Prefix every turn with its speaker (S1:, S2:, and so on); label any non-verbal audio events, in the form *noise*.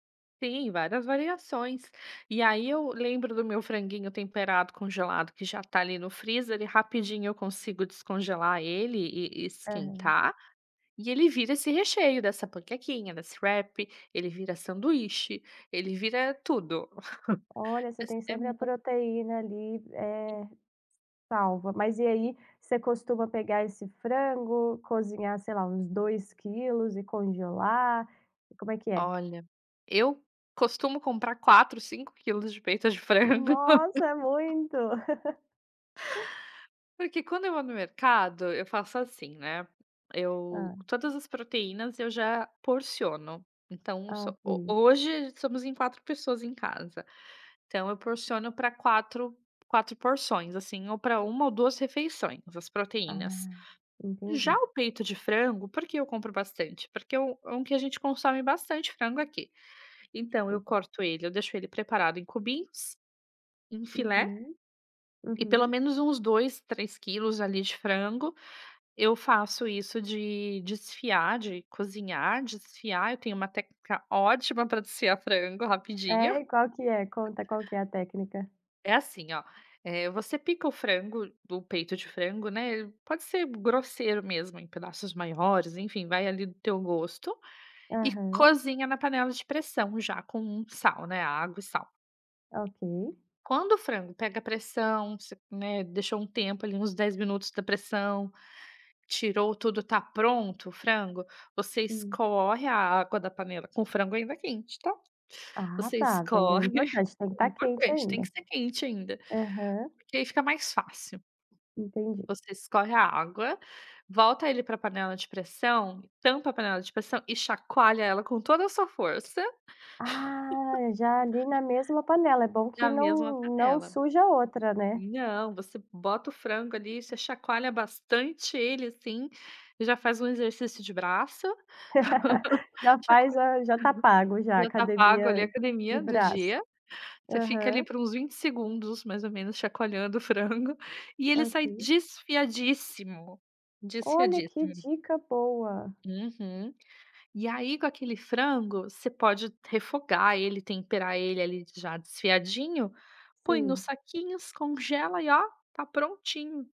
S1: Tem várias variações. E aí eu lembro do meu franguinho temperado congelado que já está ali no freezer, ele rapidinho eu consigo descongelar ele e e
S2: Aham.
S1: esquentar, e ele vira esse recheio dessa panquequinha, desse wrap, ele vira sanduíche, ele vira tudo. *chuckles*
S2: Olha, você
S1: Mas
S2: tem
S1: é
S2: sempre a
S1: mui
S2: proteína ali,
S1: In
S2: eh, salva. Mas e aí, você costuma pegar esse frango, cozinhar sei lá uns 2 quilos e congelar? E como é que é?
S1: Olha, eu costumo comprar 4, 5 quilos de peito de frango.
S2: Nossa, é muito.
S1: *laughs*
S2: *laughs*
S1: Porque quando eu vou no mercado, eu faço assim, né. Eu
S2: Hã.
S1: todas as proteínas eu já porciono. Então, um
S2: Ah,
S1: so ho
S2: ok.
S1: hoje somos em 4 pessoas em casa, então eu porciono pra quatro quatro porções, assim, ou pra 1 ou 2 refeições, as proteínas.
S2: Ah,
S1: Já
S2: entendi.
S1: o peito de frango, por que eu compro bastante? Porque é um um que a gente consome bastante frango aqui. Então eu
S2: Sim.
S1: corto ele, eu deixo ele preparado em cubinhos, em filé,
S2: Uhum,
S1: e pelo
S2: uhum.
S1: menos uns 2, 3 quilos ali de frango, eu faço isso de desfiar, de cozinhar, desfiar, eu tenho uma técnica ótima pra desfiar frango rapidinho.
S2: É? E qual que é? Conta qual que é a técnica?
S1: É assim ó: eh, você pica o frango, do peito de frango, né, pode ser grosseiro mesmo em pedaços maiores, enfim, vai ali do teu gosto e
S2: Aham.
S1: cozinha na panela de pressão já com um sal, né, água e sal.
S2: Ok.
S1: Quando o frango pega pressão, você, né, deixou um tempo ali, uns 10 minutos da pressão, tirou tudo, tá pronto o frango, você
S2: Hum.
S1: escorre a água da panela, com o frango ainda quente, tá?
S2: Ah
S1: Você
S2: tá, então é grande
S1: escorre, *chuckles*
S2: importante, tem que
S1: é
S2: estar quente
S1: importante, tem
S2: ainda.
S1: que ser quente ainda,
S2: Aham.
S1: porque aí fica mais fácil.
S2: Entendi.
S1: Você escorre a água, volta ele pra panela de pressão, tampa a panela de pressão e chacoalha ela com toda a sua força. *laughs*
S2: Ah, já ali na mesma panela, é bom que
S1: Na mesma
S2: não não
S1: panela.
S2: suja outra, né.
S1: Não, você bota o frango ali, você chacoalha bastante ele, assim, e já faz um exercício de braço,
S2: *laughs*
S1: *laughs*
S2: Já faz
S1: chacoalha
S2: a já está pago já, a
S1: já tá pago ali
S2: academia
S1: a
S2: de
S1: academia do
S2: braço.
S1: dia, você fica ali
S2: Aham.
S1: por uns 20 segundos, mais ou menos, chacoalhando o frango, e ele sai
S2: Ok.
S1: desfiadíssimo.
S2: Olha, que
S1: Desfiadíssimo.
S2: dica boa.
S1: Uhum. E aí com aquele frango, você pode refogar ele, temperar ele ali, já desfiadinho, põe nos
S2: Sim.
S1: saquinhos, congela e ó: tá prontinho!